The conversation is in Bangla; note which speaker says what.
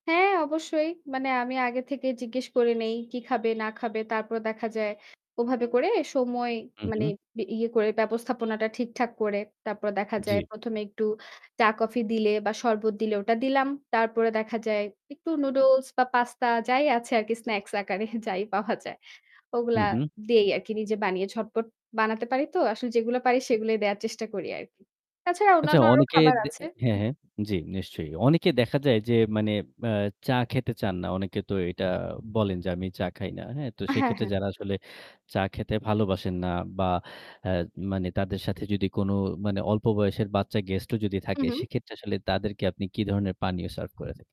Speaker 1: হ্যাঁ, অবশ্যই। মানে, আমি আগে থেকে জিজ্ঞেস করে নেই কি খাবে না খাবে। তারপরে দেখা যায়, ওভাবে করে সময়
Speaker 2: হুম,
Speaker 1: মানে
Speaker 2: হুম।
Speaker 1: ব ইয়ে করে, ব্যবস্থাপনাটা ঠিকঠাক করে। তারপর দেখা যায়,
Speaker 2: জী।
Speaker 1: প্রথমে একটু চা-কফি দিলে বা শরবত দিলে, ওটা দিলাম। তারপরে দেখা যায়, একটু নুডলস বা পাস্তা, যাই আছে আরকি স্ন্যাকস আকারে যাই পাওয়া যায়।
Speaker 2: হু,
Speaker 1: ওগুলা
Speaker 2: হুম।
Speaker 1: দেই আরকি নিজে বানিয়ে, ঝটপট বানাতে পারিতো। আসলে যেগুলো পারি সেগুলোই দেওয়ার চেষ্টা করি আরকি। তাছাড়া,
Speaker 2: আচ্ছা,
Speaker 1: অন্যান্য আরো
Speaker 2: অনেকে
Speaker 1: খাবার
Speaker 2: দ
Speaker 1: আছে।
Speaker 2: হ্যাঁ, হ্যাঁ? জী, নিশ্চয়ই। অনেকে দেখা যায় যে, মানে আ চা খেতে চান না। অনেকে তো এটা আ বলেন যে আমি চা খাই না, হ্যাঁ? তো
Speaker 1: হ্যাঁ,
Speaker 2: সেক্ষেত্রে
Speaker 1: হ্যাঁ।
Speaker 2: যারা আসলে চা খেতে ভালোবাসেন না বা আ মানে তাদের সাথে যদি কোনো মানে অল্প বয়সের বাচ্চা গেস্টও যদি
Speaker 1: হুম,
Speaker 2: থাকে,
Speaker 1: হুম।
Speaker 2: সেক্ষেত্রে আসলে তাদেরকে আপনি কী ধরনের পানীয় সার্ভ করে থাকেন?